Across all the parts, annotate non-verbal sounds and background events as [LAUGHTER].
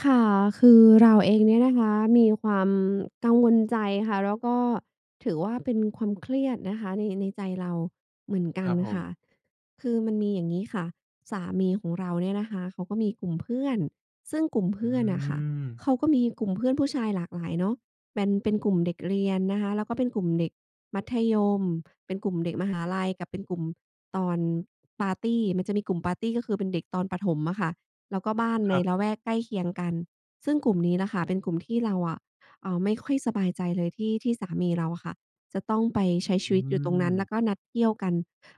ค่ะ คือเราเองเนี่ยนะคะ มีความกังวลใจค่ะ แล้วก็ถือว่าเป็นความเครียดนะคะ ใน ในใจเราเหมือนกคัรนับผค่ะ ม คือมันมีอย่างงี้ค่ะ สามีของเราเนี่ยนะคะเขาก็มีกลุ่มเพื่อน ซึ่งกลุ่มเพอืื่อนน่ะค่ะ ม เขาก็มีกลุ่มเพื่อนผู้ชายหลากหลายเนาะ เป็น เป็นกลุ่มเด็กเรียนนะคะ แล้วก็เป็นกลุ่มเด็กมัธยม เป็นกลุ่มเด็กมหาลัย กับเป็นกลุ่มตอนปาร์ตี มันจะมีกลุ่มปาร์ตี ก็คือเป็นเด็กตอนประถมอะค่ะ แล้วก็บ้านคในรับ ละแวกใกล้เคียงกัน ซึ่งกลุ่มนี้น่ะค่ะ เป็นกลุ่มที่เราอะ เอ่อ ไม่ค่อยสบายใจเลยที่ ที่สามีเราอะค่ะ จะต้องไปใอชื้ชีวิตอยู่ตรงนั้น แล้ม วก็นัดเที่ยวกัน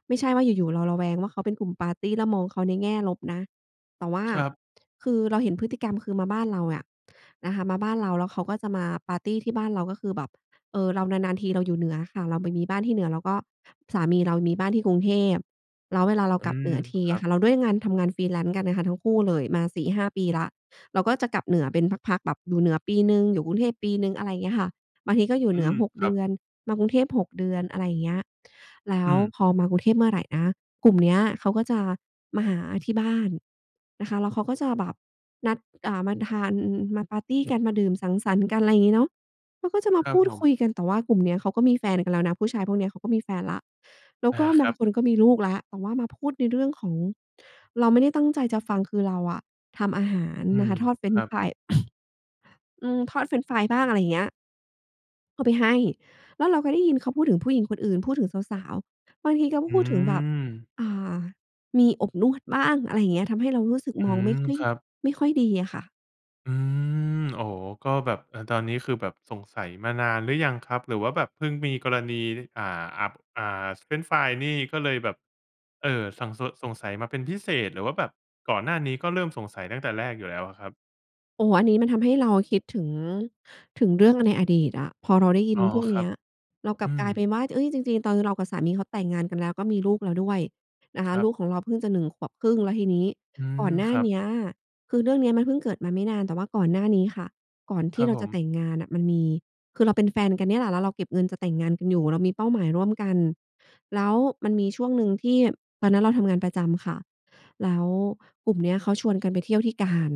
ไม่ใช่ว่าอยู่ ๆ เราระแวงว่าเขาเป็นกลุ่มปาร์ตี้ แล้วมองเขาในแง่ลบนะ แต่ว่า ครับ คือเราเห็นพฤติกรรม คือมาบ้านเราอะนะคะ มาบ้านเราแล้วเขาก็จะมาปาร์ตีที่บ้านเรา ก็คือแบบ เออ เรานาน ๆ ทีเราอยู่เหนืออะค่ะ เราไปมีบ้านที่เหนือ แล้วก็สามีเรามีบ้านที่กรุงเทพ แล้วเวลาเราอืกลับเม หนือทีครอัะบ ค่ะ แล้วด้วยงานทำงาน Freelance กันอะค่ะ ทั้งคู่เลยมา 4-5 ปีแล้ว เราก็จะกลับเหนือเป็นพัก ๆ แบบอยู่เหนือปีหนึ่ง อยู่กรุงเทพปีหนึ่ง อะไรเงี้ยค่ะ บางทีก็อยู่อืเหนือ ม 6 คเรัดบ ือน มากรุงเทพ 6 เดือน อะไรเงี้ย แล้อืวม พอมากรุงเทพเมื่อไรนะ กลุ่มเนี้ยเขาก็จะมาหาที่บ้านนะคะ แล้วเขาก็จะแบบนัด อ่า มาทาน มาปาร์ตีกัน มาดื่มสังสรรค์กัน ไรงี้เนาะ แล้วก็จะมาครัพบูดผคุม ยกัน แต่ว่ากลุ่มนี้เขาก็มีแฟนกันแล้วนะ ผู้ชายพวกนี้เขาก็มีแฟนแล้ว แล้วอา ก็คบรัางบ คนก็มีลูกแล้ว แต่ว่ามาพูดในเรื่องของ เราไม่ได้ตั้งใจจะฟัง คือเราอะทำอาหารอืนะม คะ ทอดเฟรคนรชั์บ ฟราย [COUGHS] อืม ทอดเฟรนช์ฟรายบ้าง อะไรเงี้ย เอาไปให้ แล้วเราก็ได้ยินเขาพูดถึงผู้หญิงคนอื่น พูดถึงสาว ๆ บางทีเขาอืพูดถึงแบบ ม อ่า มีอบนวดบ้าง อะไรอย่างเงี้ย ทำให้เรารู้สึกอืมองไม ม่ค่อย ครับ ไม่ค่อยดีอะค่ะ อืม อ๋อ ก็แบบ เออ ตอนนี้คือแบบสงสัยมานานหรือยังครับ? หรือว่าแบบเพิ่งมีกรณี อ่า อับ อ่า เฟรนช์ฟรายนี่ก็เลยแบบ เออ สั่ง ส สงสัยมาเป็นพิเศษ หรือว่าแบบก่อนหน้านี้ ก็เริ่มสงสัยตั้งแต่แรกอยู่แล้วอะครับ? โอ้โฮ อันนี้มันทำให้เราอะคิดถึง ถึงเรื่องในอดีตอะ พอเราได้ยอิ๋นอ พวกคเรนัี้บ ย เรากอลืับกลายเปม ็นว่า จ เอ๊ย จริง ๆ ตอนเรากับสามีเขาแต่งงานกัน แล้วก็มีลูกเราด้วยนะคคะ รัลบ ูกของเราเพิ่งจะ 1 ขวบครึ่ง แล้วทีนี้อืกม ่อนหน้คารัเบ นี้ย คือเรื่องนี้มันเพิ่งเกิดมาไม่นาน แต่ว่าก่อนหน้านี้ค่ะ ก่อนทคีรั่บเราผจะแม ต่งงานน่ะ มันมี คือเราเป็นแฟนกันเนี่ยแหละ แล้วเราเก็บเงินจะแต่งงานกันอยู่ เรามีเป้าหมายร่วมกัน แล้วมันมีช่วงหนึ่งที่ ตอนนั้นเราทำงานประจำค่ะ แล้วกลุ่มเนี้ยเขาชวนกันไปเที่ยวที่กาญ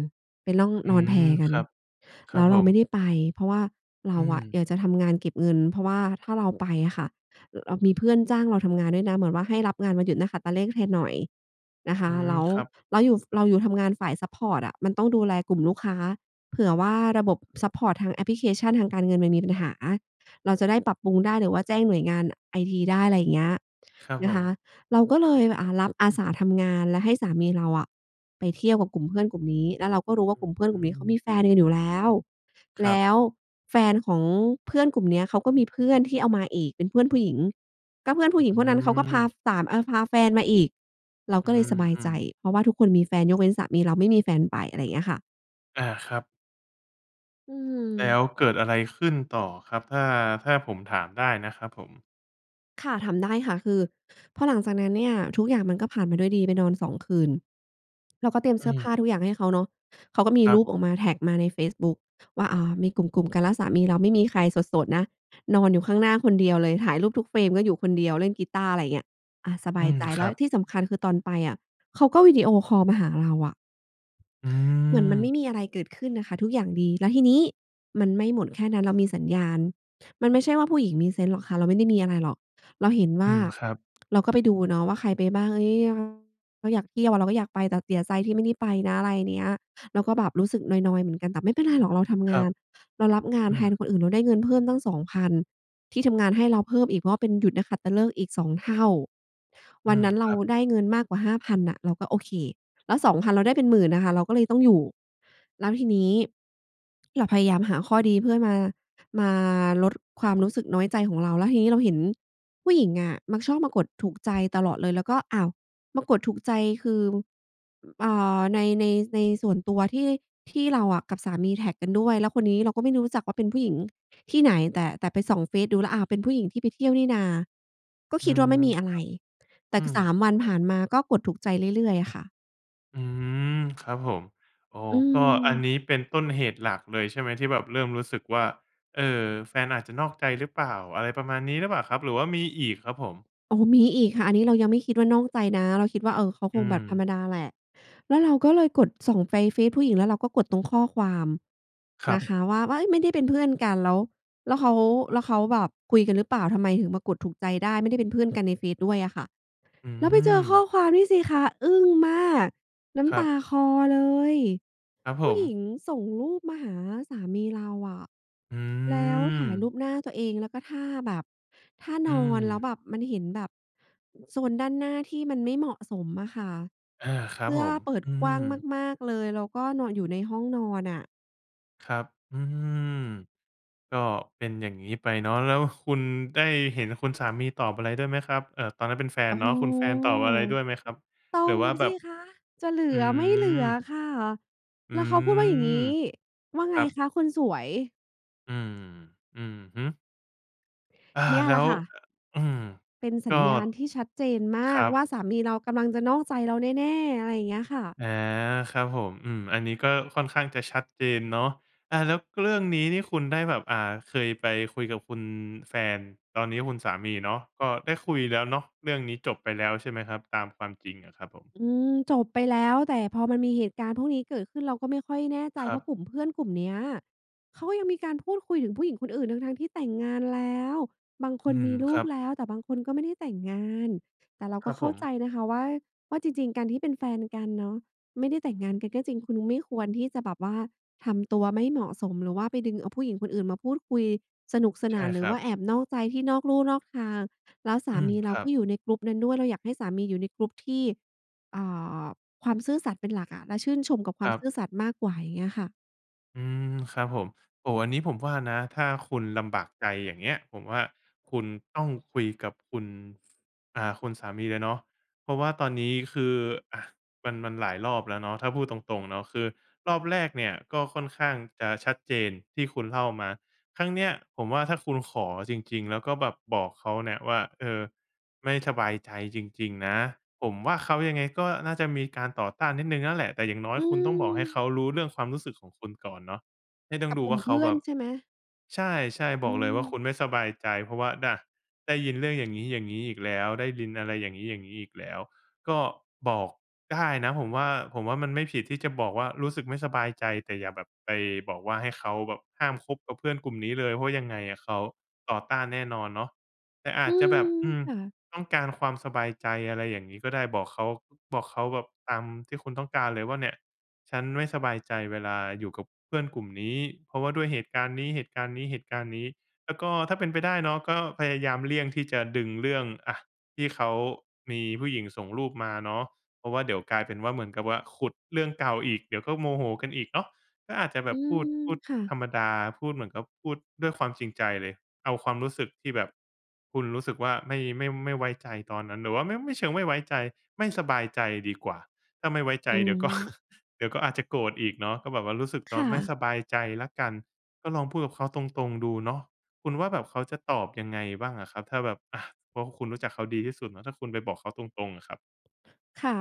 ไปล่อง อืนอนแพม กัคน รับ คแรลั้บวผเราไมม ่ได้ไป เพราะว่าเรอาือะม อยากจะทำงานเก็บเงิน เพราะว่าถ้าเราไปอะค่ะ ร เรามีเพื่อนจ้างเราทำงานด้วยนะ เหมือนว่าให้รับงานวันหยุดนักขัตฤกษ์ แทนหน่อยนะคอะ ืม แล้วครับ เราอยู่ ฝ เราอยู่ทำงานฝ่ายซัปพอร์ตอะ มันต้องดูแลกลุ่มลูกค้า เผื่อว่าระบบซัปพอร์ตทางแอปพลิเคชันทางการเงิน มันมีปัญหาเราจะได้ปรับปรุงได้ หรือว่าแจ้งหน่วยงาน อ ไอทีได้ อะไรอย่างเงี้ยครับนผะคะ ม เราก็เลย อ่า รับอาสาทำงาน และให้สามีเราอะไปเที่ยวกับกลุ่มเพื่อนกลุ่มนี้ แล้วเราก็รู้ว่อาึ กลุ่มเพื่อนอกืลุ่มนี้เขาอ มีแฟนกันอยู่แล้ว คแรลับ ้วแฟนของเพื่อนกลุ่มเนี้ย เขาก็มีเพื่อนที่เอามาอีกเป็นเพื่อนผู้หญิง ก็เพื่อนผอู้ึ หญิงอืพวกนั้นเขาก็พาม ฝาม เออ พาแฟนมาอีก เราอืก็เลยสบายใจ อ ๆ เพราะว่าทุกคนมีแฟน ยกเว้นสามีเราไม่มีแฟนไป อะไรอย่างเงี้ยค่ะ อา ครับ อืแล้ม วเกิดอะไรขึ้นต่อครับ? ถ้า ถ้าผมถามได้นะครับผม ค่ะ ถามได้ค่ะ คือ พอหลังจากนั้นเนี่ยทุกอย่างมันก็ผ่านไปด้วยดี ไปนอน 2 คืน เราก็เตรียมเอสืื้อผม ้าทุกอย่างให้เขาเนาะ เขาก็มีครัรบ ูปออกมา แท็กมาในเฟซบุ๊กว่า อ่า มีกลุ่ม ๆ กัน แล้วสามีเราไม่มีใคร โสด ๆ นะ นอนอยู่ข้างหน้าคนเดียวเลย ถ่ายรูปทุก frame ก็อยู่คนเดียว เล่นกีตาร์ อะไรเงี้ย อา สบอืายม ใจคแลร้ัว บ ที่สำคัญคือตอนไปอะเขาก็วิดีโอคอลมาหาเราอะ อืเหมือนมันไม่ม มีอะไรเกิดขึ้นน่ะค่ะ ทุกอย่างดี แล้วทีนี้มันไม่หมดแค่นั้น เรามีสัญญาณ มันไม่ใช่ว่า ผู้หญิงมีเซนส์หรอกค่ะ เราไม่ได้มีอะไรหรอก เราเห็นวอื่า ม ครับ เราก็ไปดูเนาะว่า ใครไปบ้าง เฮ้ย เรา อยากเที่ยวอะเราก็อยากไป แต่เสียใจ ที่ไม่ได้ไปนะ อะไรเนี้ย เราก็แบบรู้สึกนอย ๆ เหมือนกัน แต่ไม่เป็นไรหรอกเราทำงคราับ น เรารับงานอืแทนม คนอื่น เราได้เงินเพิ่มตั้ง 2,000 ที่ทำงานให้เราเพิ่มอีก เพราะว่าเป็นหยุดนักขัตฤกษ์อีก 2 เท่า อืวันม นั้นคเรารับ ได้เงินมากกว่า 5,000 น่ะ เราก็โอเค แล้ว 2,000 เราได้เป็นหมื่นน่ะค่ะ เราก็เลยต้องอยู่ แล้วทีนี้ [SMACKS LIPS] เราพยายามหาข้อดีเพื่อมา มาลดความรู้สึกน้อยใจของเรา แล้วทีนี้เราเห็นผู้หญิงอะมักชอบมากดถูกใจตลอดเลย เราก็ อ้าว มากดถูกใจคือ อือ อ่า ใน ใน ในส่วนตัวที่ ที่เราอะกับสามีแท็กกันด้วย แล้วคนนี้เราก็ไม่ได้รู้จักว่าเป็นผู้หญิงที่ไหน แต่ แต่ไปส่องเฟซดูแล้ว อ้าว เป็นผู้หญิงที่ไปเที่ยวนี่นา ก็อืคิดม ว่า ไมค่รัมบ ีอะไร แต่อืคือ สม าม วันผ่านมาก็กดถูกใจเรื่อย ๆ อะค่ะ อืม ครับผม อ๋อ อก็ อันืม นี้เป็นต้นเหตุหลักเลยใช่ไหม? ที่แบบเริ่มรู้สึกว่า เอ่อ แฟนอาจจะนอกใจหรือเปล่า อะไรประมาณนี้หรือเปล่าครับ หรือว่ามีอีกครับผม? อ๋อ มีอีกค่ะ อันนี้เรายังไม่คิดว่านอกใจนะ เราคิดว่า "เออ เขาคอืงแบบธรรม มดาแหละ" แล้วเราก็เลยกดส่งไฟเฟซผู้หญิง แล้วเราก็กดตรงข้อความครันะบ คะ ว่า ว่า เฮ้ย ไม่ได้เป็นเพื่อนกันแล้ว แล้วเขา แล้วเขาแบบคุยกันหรือเปล่า ทำไมถึงมากดถูกใจได้ ไม่ได้เป็นเพื่อนกันในเฟซด้วยอะค่ะ อืแล้วไปเจอข้อม ความนี่สิคะ อึ้งมาก น้ครำัตาบ คลอเลย ครับผผู้หญิม งส่งรูปมาหาสามีเราอะ อืแล้วถ่ายรูม ปหน้าตัวเอง แล้วก็ท่าแบบ ท่าอืนอน แล้วม แบบมันเห็นแบบ โซนด้านหน้าที่มันไม่เหมาะสมอะค่ะ อา ครเัสบื้ผอม เปิดอืกว้างม มาก ๆ เลย แล้วก็นอนอยู่ในห้องนอนอะ ครับ อืม ก็เป็นอย่างงี้ไปเนาะ แล้วคุณได้เห็นคุณสามีตอบอะไรด้วยไหมครับ? เอ่อ ตอนนั้นเป็นแฟโนอ้เนโาฮ ะ คุณแฟนตอบอะไรด้วยไหมครับ? ตอหรือว่บาแสบิบ คะ จะเหลือือ ไม่เหลือม ค่ะ อแล้ืวเขาพูดว่าอย่างงี้ ม "ว่าไคงรับ คะคนสวย" อืม อือฮึ อา เนี่ยแล้ล่ะว ค่เะ ออ อืม เป็นกสั็ ญญาณที่ชัดเจนมคารักว่บ าสามีเรากำลังจะนอกใจเราแน่ ๆ อะไรอย่างเงี้ยค่ะ อา ครับผม อืม อันนี้ก็ค่อนข้างจะชัดเจนเนาะ อา แล้วเรื่องนี้นี่คุณได้แบบ อ่า เคยไปคุยกับคุณแฟน ตอนนี้คุณสามีเนาะ ก็ได้คุยแล้วเนาะ เรื่องนี้จบไปแล้วใช่ไหมครับ? ตามความจริงอะครับผม อืม จบไปแล้ว แต่พอมันมีเหตุการณ์พวกนี้เกิดขึ้นเราก็ไม่ค่อยแน่ใจ ครเัพราบ ะกลุ่มเพื่อนกลุ่มเนี้ย เขาก็ยังมีการพูดคุยถึงผู้หญิงคนอื่น ทั้ง ๆ ที่แต่งงานแล้ว บางคอืนม มีลคูรักบ แล้ว แต่บางคนก็ไม่ได้แต่งงาน แต่เราคกร็ับเขผ้าม ใจนะคะว่า ว่า จริง ๆ การที่เป็นแฟนกันเนาะ ไม่ได้แต่งงานกันก็จริง คุณไม่ควรที่จะแบบว่าทำตัวไม่เหมาะสม หรือว่าไปดึงเอาผู้หญิงคนอื่นมาพูดคุยสนุกสใชน่าน หรคืรอัว่บ าแอบนอกใจที่นอกลู่นอกทาง แล้วสอืาม มีเรคารักบ ็อยู่ใน group นั้นด้วย เราอยากให้สามีอยู่ใน group ที่ อ่า ความซื่อสัตย์เป็นหลักอะ และชื่นชมกับควคามรัซบ ื่อสัตย์มากกว่า อย่างเงี้ยอะค่ะ อืม ครับผม โอ้โฮ อันนี้ผมว่านะ ถ้าคุณลำบากใจอย่างเงี้ย ผมว่าคุณต้องคุยกับคุณ อ่า คุณสามีเลยเนาะ เพราะว่าตอนนี้คือ อะ มัน มันหลายรอบแล้วเนาะ ถ้าพูดตรง ๆ เนาะ คือรอบแรกเนี่ย ก็ค่อนข้างจะชัดเจนที่คุณเล่ามา ครั้งเนี้ยผมว่าถ้าคุณขอจริง ๆ แล้วก็แบบบอกเขาเนี่ยว่า เออ ไม่สบายใจจริง ๆ นะ ผมว่าเขายังไงก็น่าจะมีการต่อต้านนิดหนึ่งนั่นแหละ แต่อย่างน้ออยืคุณต้องบอกให้ม เขารู้เรื่องความรู้สึกของคุณก่อนเนาะ ไม่ต้กองับดูกลวุ่่มาเเขพาื่อแบนบ ใช่ไหม? ใช่ ๆ อบือกเลยว่าคม ุณไม่สบายใจ เพราะว่าดะ ได้ยินเรื่องอย่างงี้ ๆ อีกแล้ว ได้ยิน อะไรอย่างงี้ ๆ อีกแล้ว ก็บอกได้นะผมว่า ผมว่ามันไม่ผิดที่จะบอกว่า รู้สึกไม่สบายใจ แต่อย่าแบบไปบอกว่า ให้เขาแบบห้ามคบกับเพื่อนกลุ่มนี้เลย เพราะยังไงอะเขาต่อต้านแน่นอนเนาะ แต่ออาืจจะแบม บ อืม ค่ะ ต้องการความสบายใจอะไรอย่างงี้ก็ได้ บอกเขา บอกเขาแบบตามที่คุณต้องการเลยว่าเนี่ย ฉันไม่สบายใจเวลาอยู่กับเพื่อนกลุ่มนี้ เพราะว่าด้วยเหตุการณ์นี้ เหตุการณ์นี้ เหตุการณ์นี้ แล้วก็ถ้าเป็นไปได้เนาะ ก็พยายามเลี่ยงที่จะดึงเรื่อง อะ ที่เขามีผู้หญิงส่งรูปมาเนาะ เพราะว่าเดี๋ยวกลายเป็นว่า เหมือนกับว่าขุดเรื่องเก่าอีก เดี๋ยวก็โมโหกันอีกเนาะ ก็อาจจะแอบืบพูด ม พูดค่ธะ รรมดา พูดเหมือนกับพูดด้วยความจริงใจเลย เอาความรู้สึกที่แบบคุณรู้สึกว่า ไม่ ไม่ ไม่ไว้ใจตอนนั้น หรือว่าไม่ ไม่เชิงไม่ไว้ใจ ไม่สบายใจดีกว่า ถ้าไม่ไว้ใอจืเดี๋ยว ก็ ม [GIGGLES] เดี๋ยวก็อาจจะโกรธอีกเนาะ ก็บอกว่ารู้สึกเตคา่ะ ไม่ะ สบายใจแล้วกัน ก็ลองพูดกับเขาตรง ๆ ดูเนาะ คุณว่าแบบเขาจะตอบยังไงบ้างอะครับ? ถ้าแบบ อะ เพราะคุณรู้จักเขาดีที่สุดนะ ถ้าคุณไปบอกเขาตรง ๆ อะครับ ค่ะ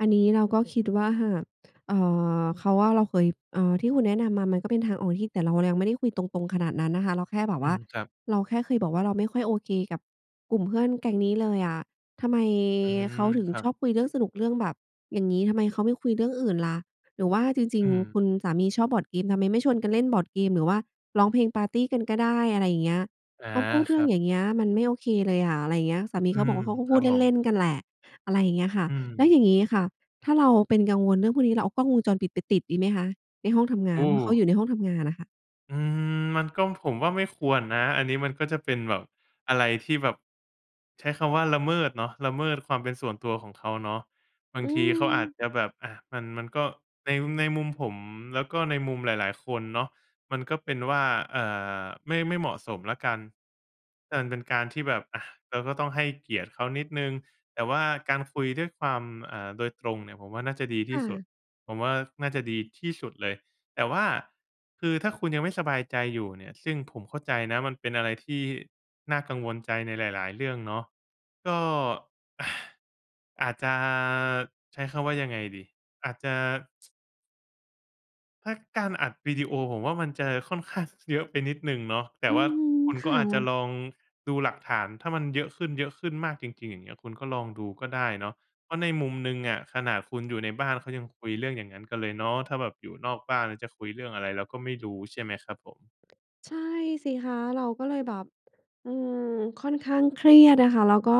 อันนี้เราก็คิดว่า หาก เอ่อ เขาว่าเราเคย อ่า ที่คุณแนะนำมามันก็เป็นทางออกที่ แต่เรา เรายังไม่ได้คุยตรง ๆ ขนาดนั้นนะคะ เราแค่แบบอวื่า ม ครับ เราแค่เคยบอกว่า "เราไม่ค่อยโอเคกับกลุ่มเพื่อนแก๊งนี้เลยอะ ทำไมอืม เขาถึงครัชบ อบคุยเรื่องสนุก เรื่องแบบอย่างงี้ ทำไมเขาไม่คุยเรื่องอื่นล่ะ? หรือว่าจริอืง ม ๆ คุณสามีชอบบอร์ดเกม ทำไมไม่ชวนกันเล่นบอร์ดเกม หรือว่าร้องเพลงปาร์ตีกันก็ได้" อะไรอย่างเงี้ย อา "เขาพูดเครื่รอังบ อย่างเงี้ยมันไม่โอเคเลยอะ" อะไรอย่างเงี้ย สามีอืเขาบม อกว่า "เขาก็คพรัูบดผเลม ่น ๆ กันแหละ" อะไรอย่างเงี้ยค่ะ อืแล้วม อย่างงี้ค่ะ ถ้าเราเป็นกังวลเรื่องพวกนี้ เราเอากล้องวงจรปิดไปติดดีไหมคะ? ในห้องทำงโอาน เพราะเขาอ้ ยู่ในห้องทำงานอะค่ะ อืม มันก็ ผมว่า ไม่ควรนะ อันนี้มันก็จะเป็นแบบอะไรที่แบบ ใช้คำว่า ละเมิดเนาะ ละเมิดความเป็นส่วนตัวของเขาเนาะ บาองืทีเขาอาจม จะแบบ อะ มัน มันก็ ใน ในมุมผม แล้วก็ในมุมหลาย ๆ คนเนาะ มันก็เป็นว่า อ่า ไม่ ไม่เหมาะสมแล้วกัน อัน เป็นการที่แบบ อะ เราก็ต้องให้เกียรติเขานิดหนึ่ง แต่ว่าการคุยด้วยความ อ่า โดยตรงเนี่ยผมว่า น่าจะดีคที่่สุะ ด ผมว่า น่าจะดีที่สุดเลย แต่ว่า คือถ้าคุณยังไม่สบายใจอยู่เนี่ย ซึ่งผมเข้าใจนะมันเป็นอะไรที่น่ากังวลใจในหลาย ๆ เรื่องเนาะ ก็ [SIGHS] อาจจะ ใช้คำว่ายังไงดี? อาจจะ ถ้าการอัดวิดีโอผมว่า มันจะค่อนข้าง เยอะไปนิดหนึ่งเนาะ แต่อืว่อาฮึ คุณคก็่อาจจะะ ลองดูหลักฐาน ถ้ามันเยอะขึ้น ๆ มากจริง ๆ อย่างเงี้ย คุณก็ลองดูก็ได้เนาะ เพราะในมุมหนึ่งอะขนาดคุณอยู่ในบ้าน เขายังคุยเรื่องอย่างงั้นกันเลยเนาะ ถ้าแบบอยู่นอกบ้านจะคุยเรื่องอะไรเราก็ไม่รู้ใช่ไหมครับผม ใช่สิคะ เราก็เลยแบบ อืม ค่อนข้างเครียดอะค่ะ แล้วก็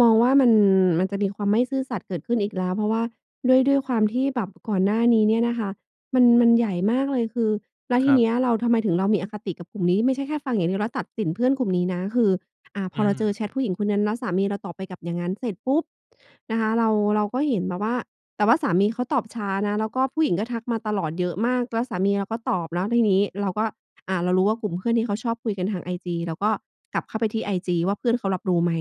มองว่า มัน มันจะมีความไม่ซื่อสัตย์เกิดขึ้นอีกแล้ว เพราะว่าด้วย ด้วยความที่แบบก่อนหน้านี้เนี่ยนะคะมัน มันใหญ่มากเลยคือ แล้วคทีรัเบ นี้ยเรา ทำไมถึงเรามีอคติกับกลุ่มนี้ ไม่ใช่แค่ฟังอย่างเดียวแล้วตัดสินเพื่อนกลุ่มนี้นะ คือ อะ พอือเราเจอม แชตผู้หญิงคนนั้นแล้วสามีเราตอบไป กลับอย่างงั้น เสร็จปุ๊บนะคะ เรา เราก็เห็นมาว่า แต่ว่าสามีเขาตอบช้านะ แล้วก็ผู้หญิงก็ทักมาตลอดเยอะมาก แล้วสามีเราก็ตอบเนาะ ทีนี้เราก็ อะ เรารู้ว่า กลุ่มเพื่อนที่เขาชอบคุยกันทาง IG เราก็กลับเข้าไปที่ IG ว่า เพื่อนเขารับรู้ไหม?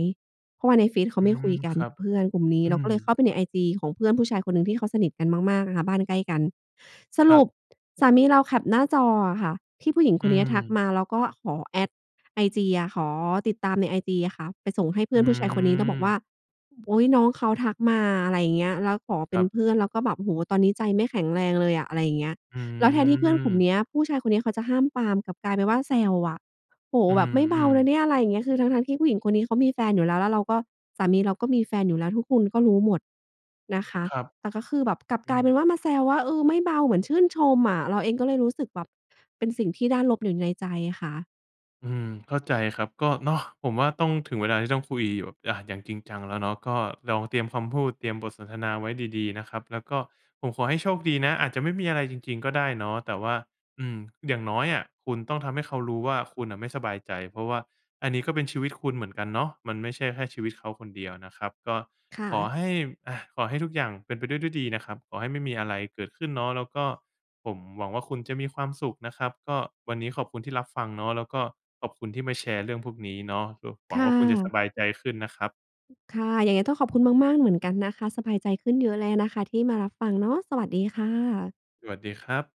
เพราะว่าในเฟซเขาอืไม่คม ุยกัคนรักบ ับเพื่อนกลุ่มนี้ อืเราก็เลยเขม ้าไปใน IG ของเพื่อนผู้ชายคนหนึ่งที่เขาสนิทกันมาก ๆ นะคะบ้านใกล้กัน สครรับ ุป! สามีเราแคปหน้าจออะค่ะที่ผู้หญิงอคืนเนี้ยทักม มาแล้วก็ขอ Add IG อะ ขอติดตามใน IG อะค่ะ ไปส่งให้เพอื่ือนผู้ชายคนนี้ แล้วบอกว่า ม "โอ๊ย น้องเขาทักมา" อะไรอย่างเงี้ย แล้วขอเปค็รันบ เพื่อน แล้วก็แบบ "โอ้โฮ ตอนนี้ใจไม่แข็งแรงเลยอะ" อะไรอย่างเงี้ย อืแล้วแทนที่เพื่อนกลุ่มม เนี้ย ผู้ชายคนเนี้ยเขาจะห้ามปราม กลับกลายเป็นว่า แซวอะ "โอ้โฮ อืแบบ ไม่เบาม นๆ ะเนี่ย" อะไรอย่างเงี้ย คือทั้ง ๆ ที่ผู้หญิงคนนี้เขามีแฟนอยู่แล้ว แล้วเราก็ สามีเราก็มีแฟนอยู่แล้วทุกคนก็รู้หมดนะคะ ครับ แต่ก็คือแบบ กลับอกืลายเป็ม นว่า มาแซวว่า "เออ ไม่เบา" เหมือนชื่นชมอะ เราเองก็เลยรู้สึกแบบ เป็นสิ่งที่ด้านลบอยู่ในใจค่ะ อืม เข้าใจครับ ก็เนาะ ผมว่า ต้อง ถึงเวลาที่ต้องคุยแบบ อะ อย่างจริงจังแล้วเนาะ ก็ลองเตรียมคำพูด เตรียมบทสนทนาไว้ดี ๆ นะครับ แล้วก็ผมขอให้โชคดีนะ อาจจะไม่มีอะไรจริง ๆ ก็ได้เนาะ แต่ว่า อืม อย่างน้อยอะคุณต้องทำให้เขารู้ว่า คุณน่ะไม่สบายใจ เพราะว่าอันนี้ก็เป็นชีวิตคุณเหมือนกันเนาะ มันไม่ใช่แค่ชีวิตเขาคนเดียวนะครับ ก็ค่ขอะ ให้ อะ ขอให้ทุกอย่างเป็นไปด้วยด้วยดีนะครับ ขอให้ไม่มีอะไรเกิดขึ้นเนาะ แล้วก็ผมหวังว่า คุณจะมีความสุขนะครับ ก็ วันนี้ขอบคุณที่รับฟังเนาะ แล้วก็ขอบคุณที่มาแชร์เรื่องพวกนี้เนาะ [UNINTELLIGIBLE] หวคัง่ว่า คุณจะสะ บายใจขึ้นนะครับ ค่ะ ยังไงต้องขอบคุณมาก ๆ เหมือนกันนะคะ สบายใจขึ้นเยอะเลยนะคะที่มารับฟังเนาะ สวัสดีค่ะ สวัสดีครับ